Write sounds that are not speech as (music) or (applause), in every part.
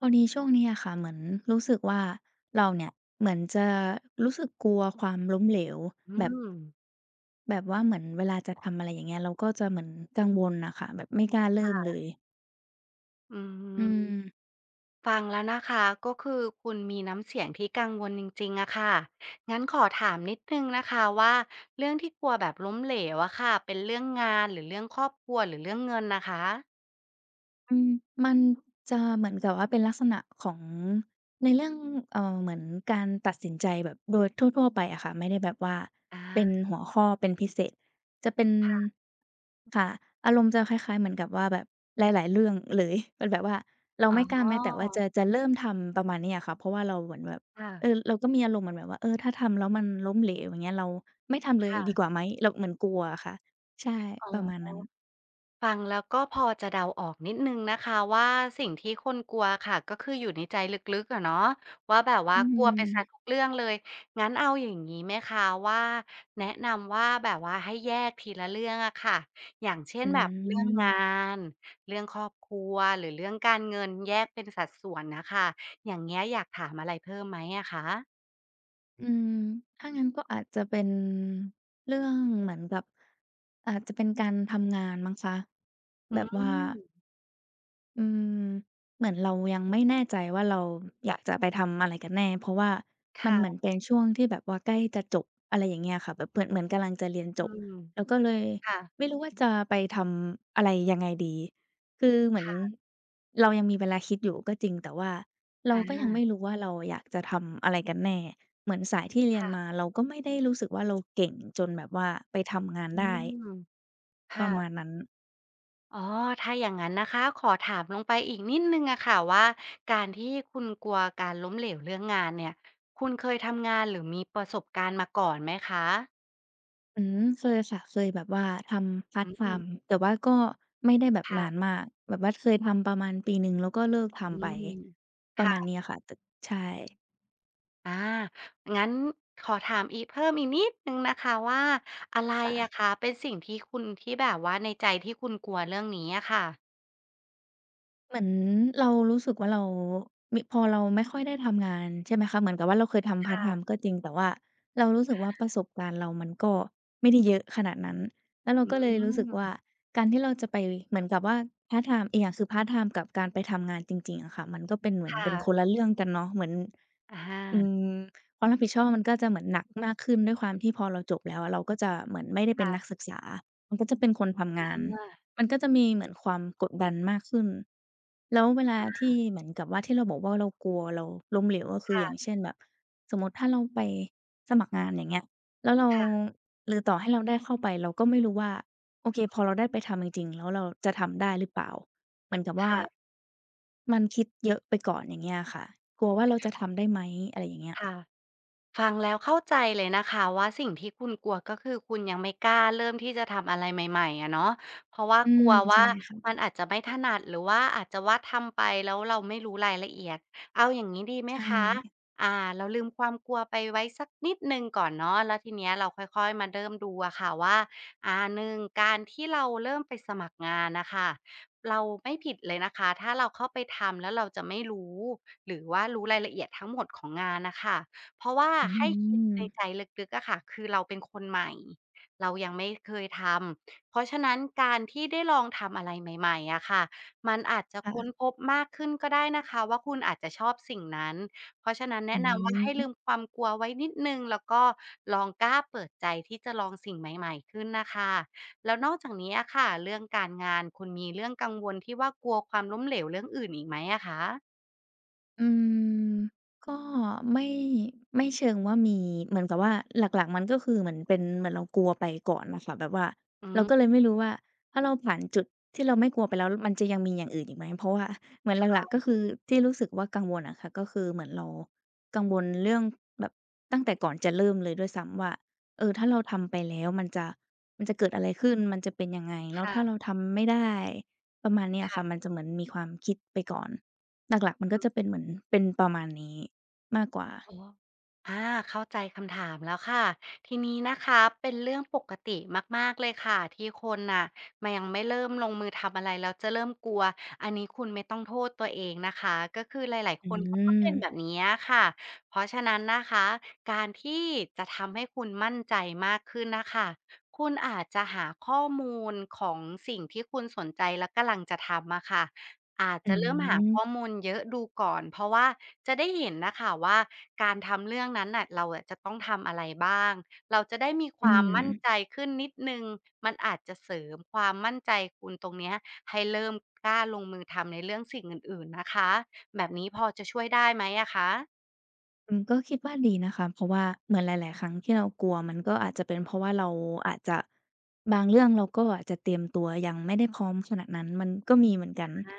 พอดีช่วงนี้อะค่ะ เหมือนรู้สึกว่า เราเนี่ยเหมือนจะรู้สึกกลัวความล้มเหลวอืแบบ ม แบบว่าเหมือนเวลาจะทำ อะไรอย่างเงี้ย เราก็จะเหมือนกังวลน่ะค่ะ แบบไม่กล้าเรคิ่ม่เะ ลย อืม อืม ฟังแล้วนะคะ ก็คือคุณมีน้ำเสียงที่กังวลจริง ๆ อะค่ะ งั้นขอถามนิดหนึ่งนะคะว่า เรื่องที่กลัวแบบล้มเหลวอะค่ะ เป็นเรื่องงาน หรือเรื่องครอบครัว หรือเรื่องเงินน่ะคะ? อืม มันจะเหมือนกับว่าเป็นลักษณะของในเรื่อง เอ่อ เหมือนการตัดสินใจแบบโดยทั่ว ๆ ไปอะค่ะ ไม่ได้แบบว่าอเป็นา หัวข้อเป็นพิเศษ จะเป็น ค่ะ ค่ะ อารมณ์จะคล้าย ๆ เหมือนกับว่าแบบหลาย ๆ เรื่องเลย เป็นแบบว่าเราอ๋ไมอ ่กล้าแม้แต่ว่าจะ จะเริ่มทำ ประมาณนี้อะค่ะ เพราะว่าเราเหมือนแบบ ค่ะ เออ เราก็มีอารมณ์เหมือนแบบว่า เออ ถ้าทำแล้วมันล้มเหลว อย่างเงี้ย เราไม่ทำเลคย่ดะ ีกว่าไหม เราเหมือนกลัวอะค่ะ ใช่ อ๋อ ประมาณนั้น ฟังแล้วก็ พอจะเดาออกนิดหนึ่งนะคะว่า สิ่งที่คุณกลัวค่ะ ก็คืออยู่ในใจลึก ๆ อะเนาะ ว่าแบบว่าอืกลัวไปเสียม ทุกเรื่องเลย งั้นเอาอย่างงี้ไหมคะว่า แนะนำว่า แบบว่าให้แยกทีละเรื่องอะค่ะ อย่างเช่อน ื"แบบเรื่องงาม น เรื่องครอบครัว หรือเรื่องการเงิน" แยกเป็นสัดส่วนน่ะค่ะ อย่างเงี้ย อยากถามอะไรเพิ่มไหมอะคะ? อืม ถ้างั้นก็อาจจะเป็น เรื่องเหมือนกับ อาจจะเป็นการทำงานมั้งคะ อืแบบว่า ม อืม เหมือนเรายังไม่แน่ใจว่า เราอยากจะไปทำอะไรกันแน่? เพราะว่าคมัน่เหมืะ อนเป็นช่วงที่แบบว่าใกล้จะจบ อะไรอย่างเงี้ยค่ะ แบบเพือ เหมือนกำลังจะเรียนจอืบ ม อะ ก็เลยค่ะ ไม่รู้ว่า จะไปทำอะไรยังไงดี? คือเหมืคอน ่ะ เรายังมีเวลาคิดอยู่ก็จริง แต่ว่าเรอาก็ยังไมา ่รู้ว่า เราอะอยากจะทำอะไรกันแน่? เหมือนสาย ที่เรีคยน่ะ มาเราก็ไม่ได้รู้สึกว่า เราเก่งจนแบบว่าไปทำงานอืได้ ม คป่ระมะ าณนั้น อ๋อ ถ้าอย่างงั้นนะคะ ขอถามลงไปอีกนิดหนึ่งอะค่ะว่า การที่คุณกลัวการล้มเหลวเรื่องงานเนี่ย คุณเคยทำงาน หรือมีประสบการณ์มาก่อนไหมคะ? อืม เคยค่ะ เคยแบบว่าทำพารอ์ตไทืม ม์ แต่ว่าก็ไม่ได้แบบค่นาะ นมาก แบบว่าเคยทำประมาณ ปี 1 แล้วก็เลิกทอืำไป ม ปคระ่มาณะ นี้อะค่ะ ต ใช่ อา งั้นขอถามอีก เพิ่มอีก นิด หนึ่งนะคะว่า อะไร ค่อะ ะค่ะ เป็นสิ่งที่คุณที่แบบว่า ในใจที่คุณกลัวเรื่องนี้อะค่ะ? เหมือนเรารู้สึกว่า เรามิ พอเราไม่ค่อยได้ทำงาน ใช่ไหมคะ เหมือนกับว่าเราเคยทคำพาร่์ตไทะ ม์ก็จริง แต่ว่าเรารู้สึกว่า ประสบการณ์เรามันก็ไม่ได้เยอะ ขนาดนั้น แล้วเราอืก็ เลยรู้สึกว่ม า การที่เราจะไปเหมือนกับว่า พาร์ตไทม์ อีกอย่างคือพาร์ตไทม์กับการไปทำงานจริง ๆ อะค่ะ มันก็เป็นเหมือคน่เป็นะ คนละเรื่องกันเนาะ เหมือน อะฮอืะ ม ความรับผิดชอบมันก็จะเหมือนหนักมากขึ้น ด้วยความที่พอเราจบแล้วอะ เราก็จะเหมือนไม่ได้เคป็่นะ นักศึกษา มันก็จะเป็นคนทำองือาฮึ น ว่า มันก็จะมีเหมือนความกดดันมากขึ้น แล้วเวลาอทีา ่ เหมือนกับว่า ที่เราบอกว่า เรากลัว เราล้มเหลว ก็คคือ ่อย่ะ างเช่น แบบ สมมติถ้าเราไปสมัครงาน อย่างเงี้ย แล้วเรา ค่ะ หรือต่อให้เราได้เข้าไป เราก็ไม่รู้ว่า โอเค พอเราได้ไปทำจริง ๆ แล้วเราจะทำได้หรือเปล่า? เหมือนกับวค่า ่ะ มันคิดเยอะไปก่อน อย่างเงี้ยอะค่ะ กลัวว่าเราจะทำได้ไหม? อะไรอย่างเงี้ย ค่ะ ฟังแล้วเข้าใจเลยนะคะว่า สิ่ง ที่คุณกลัว ก็คือคุณยังไม่กล้าเริ่มที่จะทำอะไรใหม่ ๆ อะเนาะ เพราะว่าอืกลม ัววใช่่าค่ะ มันอาจจะไม่ถนัด หรือว่าอาจจะว่าทำไปแล้วเราไม่รู้รายละเอียด เอาอย่างงี้ดีไหใมชคะ ่ อ่า เราลืมความกลัวไปไว้สักนิดหนึ่งก่อนเนาะ แล้วทีเนี้ยเราค่อย ๆ มาเริ่ม ดูอะค่ะว่า อ่า 1 การที่เราเริ่มไปสมัครงานน่ะค่ะ เราไม่ผิดเลยนะคะ ถ้าเราเข้าไปทำแล้วเราจะไม่รู้ หรือว่ารู้รายละเอียดทั้งหมดของงานน่ะค่ะ เพราะว่าอืให้คิดในม ใจลึก ๆ อะค่ะ คือเราเป็นคนใหม่ เรายังไม่เคยทำ เพราะฉะนั้นการที่ได้ลองทำอะไรใหม่ ๆ อะค่ะ มันอาจจะค่คะ ้นพบมากขึ้นก็ได้นะคะว่า คุณอาจจะชอบสิ่งนั้น เพราะฉะนั้น แนอืะนำว่าใอห้ฮลึ ืมความกลัวไว้นิดหนึ่ง แล้วก็ลองกล้าเปิดใจที่จะลองสิ่งใหม่ ๆ ขึ้นน่ะค่ะ แล้วนอกจากนี้อะค่ะ เรื่องการงานคุณมีเรื่องกังวลที่ว่า กลัวความล้มเหลวเรื่องอื่นอีกไหมอะคะ? อืม ก็ไม่ ไม่เชิงว่ามี เหมือนกับว่า หลัก ๆ มันก็คือเหมือนเป็น เหมือนเรากลัวไปก่อนน่ะค่ะ แบบว่าอืเราก็เลยม ไม่รู้ว่า ถ้าเราผ่านจุดที่เราไม่กลัวไปแล้วมันจะยังมีอย่างอื่นอีกไหม? เพราะว่าเหมือนหค่ลัก ๆ ก็ะ คือที่รู้สึกว่ากังวลอะค่ะ ก็คือเหมือนเรากังวลเรื่องแบบตั้งแต่ก่อนจะเริ่มเลยด้วยซ้ำว่า เออ ถ้าเราทำไปแล้วมันจะ มันจะเกิดอะไรขึ้น? มันจะเป็นยังไง? แล้คว่ถ้าะ เราทำไม่ได้ ประมาณนี้อคะ่ค่ะ ะ มันจะเหมือนมีความคิดไปก่อน หลัก ๆ มันก็จะเป็นเหมือน เป็นประมาณนี้มากกว่า อ๋อ อา เข้าใจคำถามแล้วค่ะ ทีนี้นะคะเป็นเรื่องปกติมาก ๆ เลยค่ะ ที่คนน่ะ ม ยังไม่เริ่มลงมือทำอะไรแล้วจะเริ่มกลัว อันนี้คุณไม่ต้องโทษตัวเองนะคะ ก็คือหลาย อๆ ืคน เขาก็เป็นแม บบนี้อะค่ะ เพราะฉะนั้นนะคะ การที่จะทำให้คุณมั่นใจมากขึ้นน่ะค่ะ คุณอาจจะหาข้อมูลของสิ่งที่คุณสนใจและกำลังจะทำอะค่ะ อาจ อจะเริ่มหาข้ืม อมูลเยอะดูก่อน เพราะว่าจะได้เห็นน่ะค่ะว่า การทำเรื่องนั้นน่ะ เราอะจะต้องทำอะไรบ้าง? เราจะได้มีคอืวามมั่นม ใจขึ้นนิดหนึ่ง มันอาจจะเสริมความมั่นใจคุณตรงเนี้ย ให้เริ่มกล้าลงมือทำในเรื่องสิ่งอื่น ๆ นะคะ แบบนี้ พอจะช่วยได้ไหมอะคะ? อืม ก็คิดว่าดีนะคะ เพราะว่าเหมือนหลาย ๆ ครั้ง ที่เรากลัว มันก็อาจจะเป็นเพราะว่าเราอาจจะ บางเรื่องเราก็อาจจะเตรียมตัวยังไม่ได้พร้อมขนาดนั้น มันก็มีเหมือนกอัน า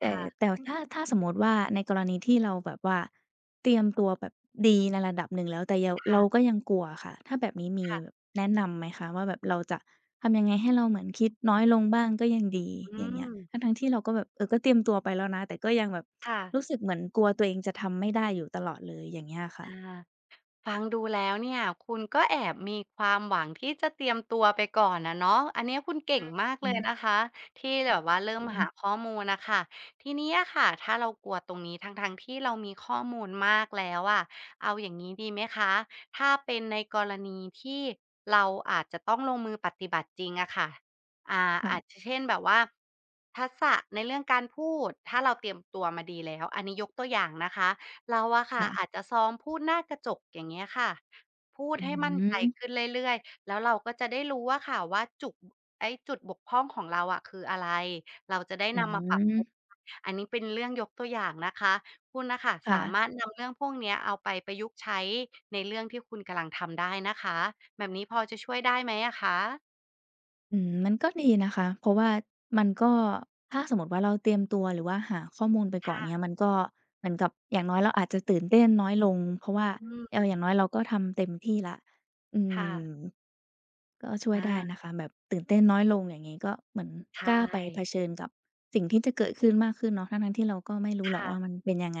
แคต่ ่ะ แต่ถ้า ถ้าสมมุติว่า ในกรณีที่เราแบบว่าเตรียมตัวแบบดีในระดับ หนึ่งแล้ว แต่เยา คเ่ระ าก็ยังกลัวอะค่ะ ถ้าแบบนี้มคี่ะ แนะนำ ไหมคะว่า แบบเราจะทำยังไงให้เราเหมือนคิดน้อยลงบ้างก็ ยังดี? อือย่างเงี้ย ม ทั้ง ๆ ที่เราก็แบบ เออ ก็เตรียมตัวไปแล้วนะ แต่ก็ยังแบบค่ะ รู้สึกเหมือนกลัวตัวเองจะทำไม่ได้อยู่ ตลอดเลย อย่างเงี้ยอะคอ่ะ า ฟังดูแล้วเนี่ย คุณก็แอบมีความหวังที่จะเตรียมตัวไปก่อนอะเนาะ อันนี้คุณเกอ่ืงอ มากอเืลย ม นะคะ ที่แบบอว่าเริ่มืหาม ข้อมูลน่ะค่ะ ทีนี้อะค่ะ ถ้าเรากลัวตรงนี้ ทั้ง ๆ ที่เรามีข้อมูลมากแล้วอะ เอาอย่างงี้ดีไหมคะ? ถ้าเป็นในกรณีที่เราอาจจะต้องลงมือปฏิบัติจริงอะค่ะ อ่า ค่อาะ จจะ เช่นแบบว่า ทักษะในเรื่องการพูด ถ้าเราเตรียมตัวมาดีแล้ว อันนี้ยกตัวอย่างนะคะ เราอะค่คะ่ะ อาจจะซ้อมพูดหน้ากระจก อย่างเงี้ยค่ะ พูอดืใอห้มั่ฮนใจึ ขึ้นเรื่อย ๆ แล้วเราก็จะได้รู้อะค่ะว่า จุด ไอ้จุดบกพร่องของเราอะคืออะไร เราจะได้อืนอฮำมาปรับปรุึ งค่ะ อันนี้เป็นเรื่องยกตัวอย่างนะคะ คุณน่ะค่ะ คส่าะ มารถนำ เรื่องพวกเนี้ย เอาไปประยุกต์ใช้ในเรื่องที่คุณกำลังทำได้นะคะ แบบนี้พอจะช่วยได้ไหมอะคะ? อืม มันก็ดีนะคะ เพราะว่ามันก็ ถ้าสมมติว่าเราเตรียมตัว หรือว่าหาข้อมูลไปคก่อ่นะ เงี้ย มันก็เหมือนกับ อย่างน้อยเราอาจจะตื่นเต้นน้อยลง เพราะว่า อืเออ อย่าม งน้อยเราก็ทำเต็มที่แล้ว อืค่ม ะ ก็ช่วอยได้า นะคะ แบบตื่นเต้นน้อยลง อย่างงี้ ก็เหมือนใชกล้าไปเ่ ผชิญกับสิ่งที่จะเกิดขึ้นมากขึ้นเนาะ ทั้ง ๆ ที่เราก็ไม่รูค้หร่อกว่ะ า มันเป็นยังไง?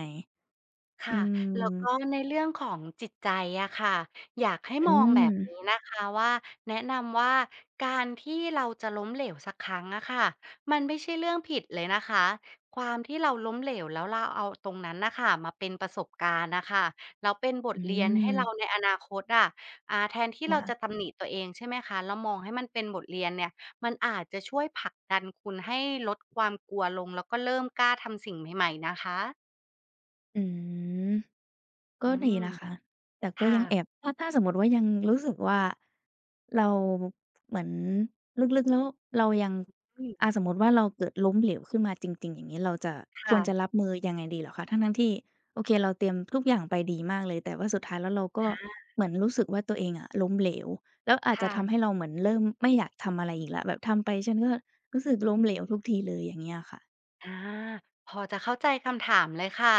คอ่ืะ แล้ว ม ก็ในเรื่องของจิตใจอะค่ะ อยากให้อมืองแบบนม ี้นะคะว่า แนะนำว่า การที่เราจะล้มเหลวสักครั้งอะค่ะ มันไม่ใช่เรื่องผิดเลยนะคะ ความที่เราล้มเหลว แล้ว เราเอาตรงนั้นน่ะค่ะ มาเป็นประสบการณ์น่ะค่ะ แล้วเป็นบอทเรียน ให้เราืม ในอนาคตอะ อ่า แทนที่คเร่าะ จะ ตำหนิตัวเอง ใช่ไหมคะ แล้วมองให้มันเป็นบทเรียนเนี่ย มันอาจจะช่วยผลักดันคุณให้ลดความ กลัวลง แล้วก็เริ่มกล้าทำสิ่งใหม่ ๆ นะคะ อืม กอื็ดีม นะคะ แต่คก็่ยังแะ อบ ถ้า ถ้าสมมติว่ายังรู้สึกว่า เรา เหมือนลึก ๆ แล้วเรายัง อือ่ม า สมมติว่าเราเกิดล้มเหลวขึ้นมาจริง ๆ อย่างงี้ เราจะ คค่วระ จะรับมือยังไงดีเหรอคะ? ทั้ง ๆ ที่ โอเค เราเตรียมทุกอย่างไปดีมากเลย แต่ว่าสุดท้ายแล้วเรา กค็่ะ เหมือนรู้สึกว่า "ตัวเองอะล้มเหลว" แล้วอาจคจ่ะทะ ำให้เราเหมือนเริ่มไม่อยากทำอะไรอีกแล้ว แบบทำไปฉันก็รู้สึกล้มเหลวทุกทีเลย อย่างเงี้ยอะค่ะ อา พอจะเข้าใจคำถามเลยค่ะ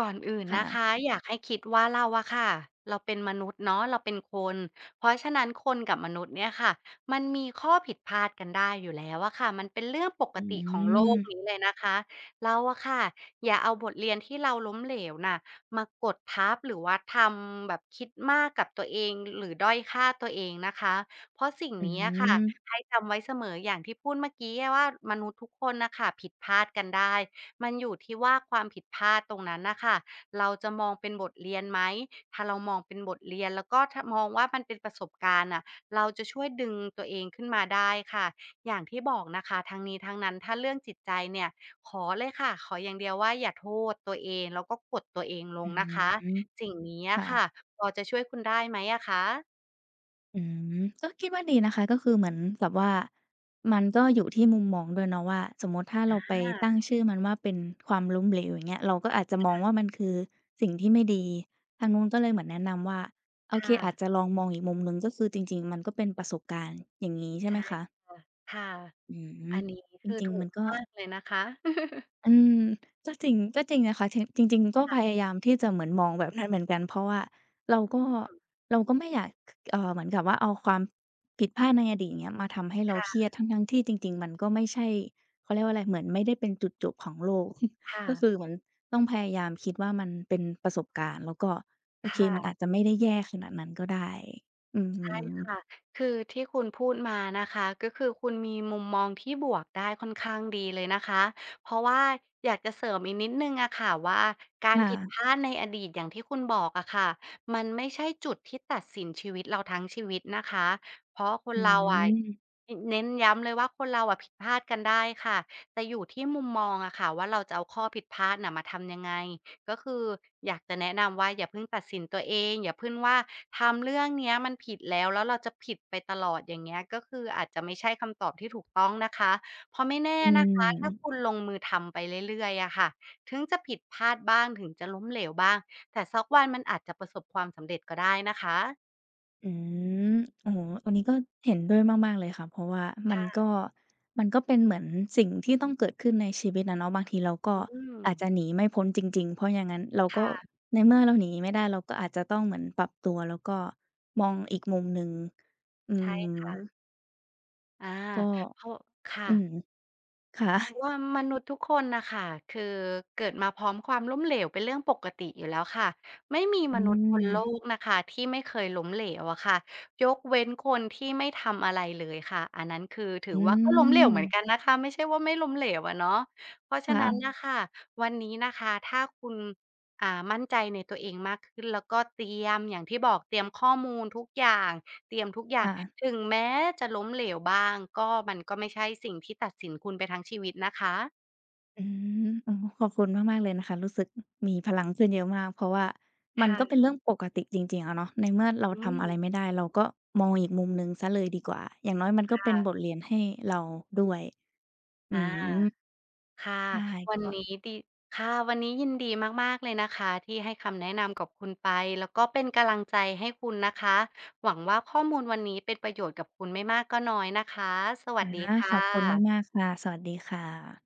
ก่อนอื่นค่นะคะ ะ อยากให้คิดว่าเราอะค่ะ เราเป็นมนุษย์เนาะ เราเป็นคน เพราะฉะนั้นคนกับมนุษย์เนี่ยค่ะ มันมีข้อผิดพลาดกันได้อยู่แล้วอะค่ะ มันเป็นเรื่องปอกติของโลก ืม นี้เลยนะคะ เราอะค่ะ อย่าเอาบทเรียนที่เราล้มเหลวน่ะมากดทับ หรือว่าทำแบบคิดมากกับตัวเอง หรือด้อยค่าตัวเองนะคะ เพราะสิ่งอนี้อะค่ะ ืม ให้จำไว้เสมออย่างที่พูดเมื่อกี้อะว่า มนุษย์ทุกคนน่ะค่ะผิดพลาดกันได้ มันอยู่ที่ว่าความผิดพลาดตรงนั้นน่ะค่ะ เราจะมองเป็นบทเรียนไหม? ถ้าเรามองเป็นบทเรียนแล้วก็ ถ มองว่ามันเป็นประสบการณ์น่ะ เราจะช่วยดึงตัวเองขึ้นมาได้ค่ะ อย่างที่บอกนะคะ ทั้งนี้ทั้งนั้นถ้าเรื่องจิตใจเนี่ย ขอเลยค่ะ ขออย่างเดียวว่าอย่าโทษตัวเอง แล้วก็กดตัวเองลองื้นะคอะ ฮือ สิ่งนี้อคะ่ะ ค่ะพอจะช่วยคุณได้ไหมอะคะ? อืม ก็คิดว่าดีนะคะ ก็คือเหมือนแบบว่า มันก็อยู่ที่มุมมองด้วยเนาะว่า สมมุติถ้าอเราไปตั้งา ชื่อมันว่าเป็น ความล้มเหลว อย่างเงี้ย เราก็อาจจะมคอ่งะ ว่า มันคือสิ่งที่ไม่ดี ทางนู้นก็เลยเหมือนแนะนำว่า โอคเค ่อะ าจจะลองมองอีกมุมหนึ่ง ก็คือจริง ๆ มันก็เป็นประสบการณ์ อย่างงี้ ใชใ่ชไหม่ คะ? อ ค่ะ อือัม นนี้ก็จคือริถง ูๆ มกันก็ มากเลยนะคะ (chuckles) อืม ก็จริง ก็จริงนะคะ ถ จริง ๆ มันก็ค่ะ พยายามที่จะเหมือนมองแบบให้เหมือนกัน เพราะว่าเราก็ อืม เราก็ไม่อยาก เอ่อ เหมือนกับว่า เอาความผิดพลาดในอดีต อย่างเงี้ย มาทำให้เรคา่เครียะ ด ทั้ง ๆ ที่จริง ๆ มันก็ไม่ใช่ เขาเรียกว่าอะไร เหมือนไม่ได้เป็นจุดจบของโลก (chuckles) ค่ก็คะ ือเหมือนต้องพยายามคิดว่า มันเป็นประสบการณ์ แล้วก็ โอคเค ่มัะ นอาจจะไม่ได้แย่ขนาดนั้นก็ได้ อืใช่คม ่ะ คือที่คุณพูดมานะคะ ก็คือคุณมีมุมมองที่บวกได้ค่อนข้างดีเลยนะคะ เพราะว่า อยากจะเสริมอีกนิดหนึ่งอะค่ะว่า การค่ผิดะ พลาดในอดีตอย่างที่คุณบอกอะค่ะ มันไม่ใช่จุดที่ตัดสินชีวิตเราทั้งชีวิตนะคะ เพราะคนอืเราอะ ม อ เน้นย้ำเลยว่า คนเราอะผิดพลาดกันได้ค่ะ แต่อยู่ที่มุมมองอะค่ะว่า เราจะเอาข้อผิดพลาดน่ะมาทำยังไง? ก็คืออยากจะแนะนำว่า อย่าเพิ่งตัดสินตัวเอง อย่าพึ่งว่าทำเรื่องเนี้ยมันผิดแล้ว แล้วเราจะผิดไปตลอด อย่างเงี้ย ก็คืออาจจะไม่ใช่คำตอบที่ถูกต้องนะคะ เพราะไม่แน่อืนะคะ ถ้าม คุณลงมือทำไปเรื่อย ๆ อะค่ะ ถึงจะผิดพลาดบ้าง ถึงจะล้มเหลวบ้าง แต่สักวันมันอาจจะประสบความสำเร็จก็ได้นะคะ อืม โอ้โฮ อันนี้ก็เห็นด้วยมาก ๆ เลยค่ะ เพราะว่ามัคน่กะ ็ มันก็เป็นเหมือนสิ่งที่ต้องเกิดขึ้นในชีวิตอะเนาะ บางทีเราก็อือาจม จะหนีไม่พ้นจริง ๆ เพราะอย่างงั้นเราคก่็ ะ ในเมื่อเราหนีไม่ได้ เราก็อาจจะต้องเหมือนปรับตัว แล้วก็มองอีกมุมหนึ่ง อืใช่ค่ะ ม อา ก็ เข้า ค่อืะ ม ค่ะ เพราะว่า มนุษย์ทุกคนน่ะค่ะ คือ เกิดมาพร้อมความล้มเหลวเป็นเรื่องปกติอยู่แล้วค่ะ ไม่มีอมืนุษย์บนโลม กนะคะที่ไม่เคยล้มเหลวอะค่ะ ยกเว้นคนที่ไม่ทำอะไรเลยค่ะ อันนั้นคือ ถืออว่าก็ล้มเหลวเหมือนืม กันนะคะ ไม่ใช่ว่าไม่ล้มเหลวอะเนาะ เพราะฉคะ่นั้น ะ น่ะค่ะ วันนี้นะคะถ้าคุณ อ่า มั่นใจในตัวเองมากขึ้น แล้วก็เตรียมอย่างที่บอก เตรียมข้อมูลทุกอย่าง เตรียมทุกอย่าคง ่ะ ถึงแม้จะล้มเหลวบ้าง ก็ มันก็ไม่ใช่สิ่งที่ตัดสินคุณไปทั้งชีวิตนะคะ อืม ๆ โอ้โฮ ขอบคุณมาก ๆ เลยนะคะ รู้สึก มีพลังขึ้นเยอะมาก เพราะว่าคมัน่ก็ะ เป็นเรื่องปกติจริง ๆ อะเนาะ ในเมื่อเราอืทำ อะม ไรไม่ได้ เราก็มองอีกมุมหนึ่งเสียเลยดีกว่า อย่างน้อยมันคก็่เป็นะ บทเรียนให้เราด้วย อือา ม ค่ะ ใช่ วกันน็ ี้ดี ค่ะ วันนี้ยินดีมาก ๆ เลยนะคะที่ให้คำแนะนำกับคุณไป แล้วก็เป็นกำลังใจให้คุณนะคะ หวังว่าข้อมูลวันนี้เป็นประโยชน์กับคุณไม่มากก็น้อยนะคะ สวันสดีะ ค่ขอบคุณะ มาก ๆ ค่ะ สวัสดีค่ะ